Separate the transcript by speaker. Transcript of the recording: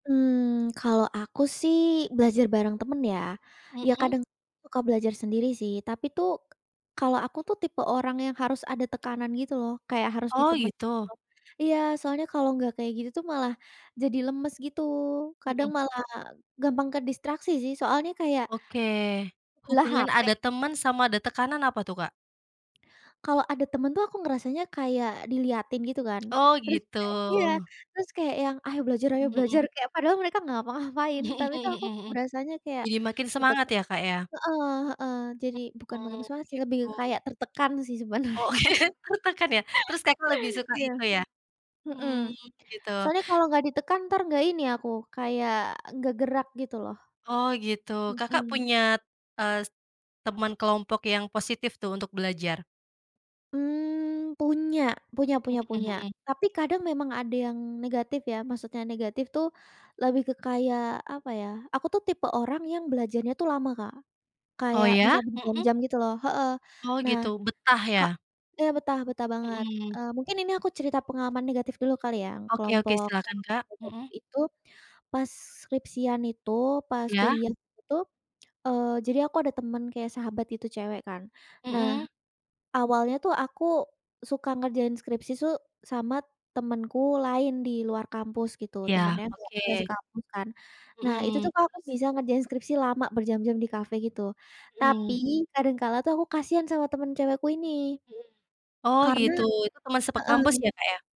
Speaker 1: Mmm, kalau aku sih, belajar bareng teman ya. Iya,
Speaker 2: Mhm.
Speaker 1: kadang suka belajar sendiri sih, tapi tuh, kalau aku tuh, tipe orang yang harus ada tekanan gitu loh. Kayak harus
Speaker 2: Oh,
Speaker 1: ditemen
Speaker 2: gitu?
Speaker 1: loh, iya, soalnya kalau enggak kayak gitu tuh malah jadi lemes gitu. Kadang
Speaker 2: Mhm.
Speaker 1: malah gampang ke distraksi sih, soalnya kayak,
Speaker 2: Oke,
Speaker 1: lelah
Speaker 2: hubungan
Speaker 1: HP
Speaker 2: ada teman sama ada tekanan apa tuh Kak?
Speaker 1: Kalau ada teman tuh, aku ngerasanya kayak dilihatin gitu kan.
Speaker 2: Oh,
Speaker 1: Terus
Speaker 2: gitu.
Speaker 1: kayak iya, terus kayak yang "Ayo belajar! Ayo
Speaker 2: Mhm mhm.
Speaker 1: belajar!" kayak padahal mereka enggak ngapa ngapain
Speaker 2: Mhm
Speaker 1: tapi tuh, aku
Speaker 2: mhm mhm
Speaker 1: berasanya kayak
Speaker 2: jadi makin semangat
Speaker 1: diteke
Speaker 2: ya, Kak ya?
Speaker 1: heeh, heeh, jadi bukan lebih
Speaker 2: Mhm,
Speaker 1: semangat sih, lebih ke
Speaker 2: gitu.
Speaker 1: kayak tertekan sih
Speaker 2: Oh,
Speaker 1: sebenarnya.
Speaker 2: oke, tertekan ya? Terus Kakak lebih suka
Speaker 1: Iya,
Speaker 2: itu ya?
Speaker 1: mhm,
Speaker 2: Hmm, begitu.
Speaker 1: soalnya kalau enggak ditekan entar enggak ini aku, kayak enggak gerak gitu loh,
Speaker 2: Oh, gitu. Kakak
Speaker 1: mhm.
Speaker 2: punya, ez temen kelompok yang positif tuh, untuk belajar?
Speaker 1: Mmm, punya, punya punya
Speaker 2: Mhm
Speaker 1: punya,
Speaker 2: mhm.
Speaker 1: tapi kadang memang ada yang negatif ya. Maksudnya negatif tuh, lebih ke kayak apa ya, aku tuh, tipe orang yang belajarnya tuh lama Kak.
Speaker 2: Oh,
Speaker 1: Kayak
Speaker 2: ya?
Speaker 1: bisa
Speaker 2: Mhm.
Speaker 1: berjam-jam gitu loh. Heeh,
Speaker 2: Oh
Speaker 1: nah,
Speaker 2: gitu, betah
Speaker 1: Kak
Speaker 2: ya?
Speaker 1: iya, betah betah banget.
Speaker 2: Mhm.
Speaker 1: E mungkin ini aku cerita pengalaman negatif dulu kali yang
Speaker 2: Oke, oke
Speaker 1: kelompok
Speaker 2: silahkan Kak. Mhm.
Speaker 1: [unintelligible] itu, pas skripsian itu, pas
Speaker 2: Iya.
Speaker 1: kuliah itu, e jadi aku ada temAn kayak sahabat gitu cewek kan. Nah,
Speaker 2: Mhm.
Speaker 1: awalnya tuh, aku suka ngerjain skripsi su sama temenku lain di luar kampus gitu.
Speaker 2: Iya,
Speaker 1: Teman yang
Speaker 2: oke.
Speaker 1: enggak sekampus kan. Nah, itu
Speaker 2: Mhm,
Speaker 1: tuh Kak, aku
Speaker 2: terus.
Speaker 1: bisa ngerjain skripsi lama berjam-jam di kafe gitu. Tapi
Speaker 2: Mhm.
Speaker 1: kadang kala tuh aku kasihan sama temen cewekku ini.
Speaker 2: Mhm, oh,
Speaker 1: Karena
Speaker 2: gitu itu teman sepe kampus
Speaker 1: heeh.
Speaker 2: ya, Kak ya?